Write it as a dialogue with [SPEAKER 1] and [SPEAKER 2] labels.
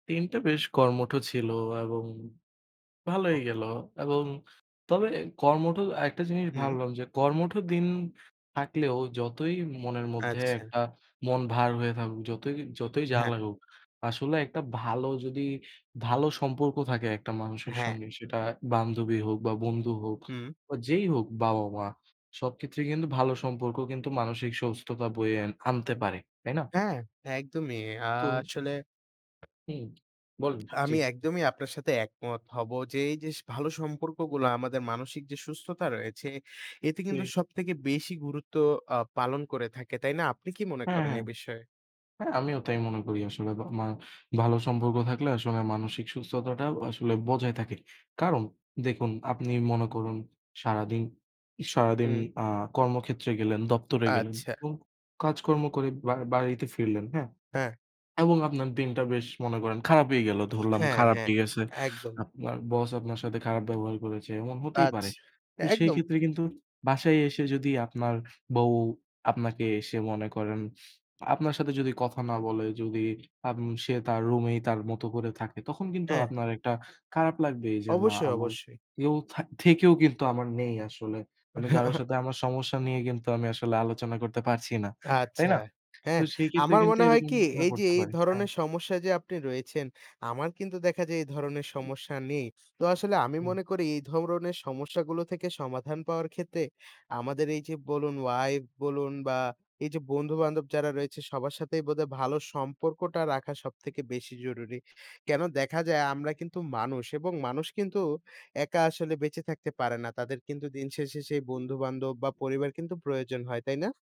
[SPEAKER 1] দিনটা বেশ কর্মঠ ছিল এবং ভালোই
[SPEAKER 2] হু।
[SPEAKER 1] গেল। এবং তবে কর্মঠ একটা জিনিস
[SPEAKER 2] হুম।
[SPEAKER 1] ভাবলাম, যে কর্মঠ দিন থাকলেও যতই মনের মধ্যে
[SPEAKER 2] আচ্ছা।
[SPEAKER 1] একটা মন ভার হয়ে থাকুক, যতই যতই যা
[SPEAKER 2] হ্যাঁ।
[SPEAKER 1] লাগুক, আসলে একটা ভালো যদি ভালো সম্পর্ক থাকে একটা মানুষের
[SPEAKER 2] হ্যাঁ।
[SPEAKER 1] সঙ্গে। সেটা বান্ধবী হোক বা বন্ধু হোক
[SPEAKER 2] হুম।
[SPEAKER 1] বা যেই হোক বাবা-মা, সবক্ষেত্রে কিন্তু ভালো সম্পর্ক কিন্তু মানসিক সুস্থতা বয়ে আন আনতে পারে। তাই না?
[SPEAKER 2] হ্যাঁ, একদমই। আ
[SPEAKER 1] তো
[SPEAKER 2] আসলে
[SPEAKER 1] হুম, বলেন। জি,
[SPEAKER 2] আমি
[SPEAKER 1] জি।
[SPEAKER 2] একদমই আপনার সাথে একমত হবো। যে এই যে ভালো সম্পর্কগুলা আমাদের মানসিক যে সুস্থতা রয়েছে, এতে কিন্তু
[SPEAKER 1] জী।
[SPEAKER 2] সবথেকে বেশি গুরুত্ব আ পালন করে থাকে, তাই না? আপনি কি মনে
[SPEAKER 1] হ্যাঁ,
[SPEAKER 2] করেন এ
[SPEAKER 1] হ্যাঁ।
[SPEAKER 2] বিষয়ে?
[SPEAKER 1] হ্যাঁ আমিও তাই মনে করি আসলে। বা মা ভালো সম্পর্ক থাকলে আসলে মানসিক সুস্থতাটা আসলে বজায় থাকে। কারণ দেখুন, আপনি মনে করুন সারাদিন সারাদিন
[SPEAKER 2] হুম।
[SPEAKER 1] আ কর্মক্ষেত্রে গেলেন, দপ্তরে গেলেন
[SPEAKER 2] আচ্ছা।
[SPEAKER 1] এবং কাজকর্ম করে বা বাড়িতে ফিরলেন, হ্যাঁ?
[SPEAKER 2] হ্যাঁ।
[SPEAKER 1] এবং আপনার দিনটা বেশ মনে করেন খারাপই গেল, ধরলাম
[SPEAKER 2] হ্যাঁ, হ্যাঁ,
[SPEAKER 1] খারাপই গেছে।
[SPEAKER 2] একদম।
[SPEAKER 1] আপনার বস আপনার সাথে খারাপ ব্যবহার করেছে, এমন হতেই পারে।
[SPEAKER 2] আচ্ছা, এ
[SPEAKER 1] তো সেই
[SPEAKER 2] একদম।
[SPEAKER 1] ক্ষেত্রে কিন্তু বাসায় এসে যদি আপনার বউ আপনাকে এসে মনে করেন, আপনার সাথে যদি কথা না বলে, যদি আম সে তার রুমেই তার মতো করে থাকে। তখন কিন্তু
[SPEAKER 2] হ্যাঁ।
[SPEAKER 1] আপনার একটা খারাপ লাগবেই যে না
[SPEAKER 2] অবশ্যই,
[SPEAKER 1] আমার
[SPEAKER 2] অবশ্যই।
[SPEAKER 1] কেউ থা থেকেও কিন্তু আমার নেই আসলে। আমি কারো সাথে আমার সমস্যা নিয়ে কিন্তু আমি আসলে আলোচনা করতে পারছি না, তাই
[SPEAKER 2] আচ্ছা,
[SPEAKER 1] না? তো
[SPEAKER 2] হ্যাঁ।
[SPEAKER 1] সেই ক্ষেত্রে
[SPEAKER 2] আমার
[SPEAKER 1] কিন্তু
[SPEAKER 2] মনে হয়
[SPEAKER 1] এরকম
[SPEAKER 2] কি?
[SPEAKER 1] মনে
[SPEAKER 2] এইযে
[SPEAKER 1] করতে
[SPEAKER 2] এই
[SPEAKER 1] পারে, হ্যাঁ।
[SPEAKER 2] ধরনের সমস্যায় যে আপনি রয়েছেন, আমার কিন্তু দেখা যায় এই ধরনের সমস্যা নেই। তো আসলে আমি
[SPEAKER 1] হুম।
[SPEAKER 2] মনে করি এই ধরণের সমস্যাগুলো থেকে সমাধান পাওয়ার ক্ষেত্রে, আমাদের এই যে বলুন wife বলুন বা এই যে বন্ধু-বান্ধব যারা রয়েছে, সবার সাথেই বোধহয় ভালো সম্পর্কটা রাখা সবথেকে বেশি জরুরি। কেনো? দেখা যায় আমরা কিন্তু মানুষ এবং মানুষ কিন্তু একা আসলে বেঁচে থাকতে পারে না। তাদের কিন্তু দিনশেষে সেই বন্ধু-বান্ধব বা পরিবার কিন্তু প্রয়োজন হয়, তাই না?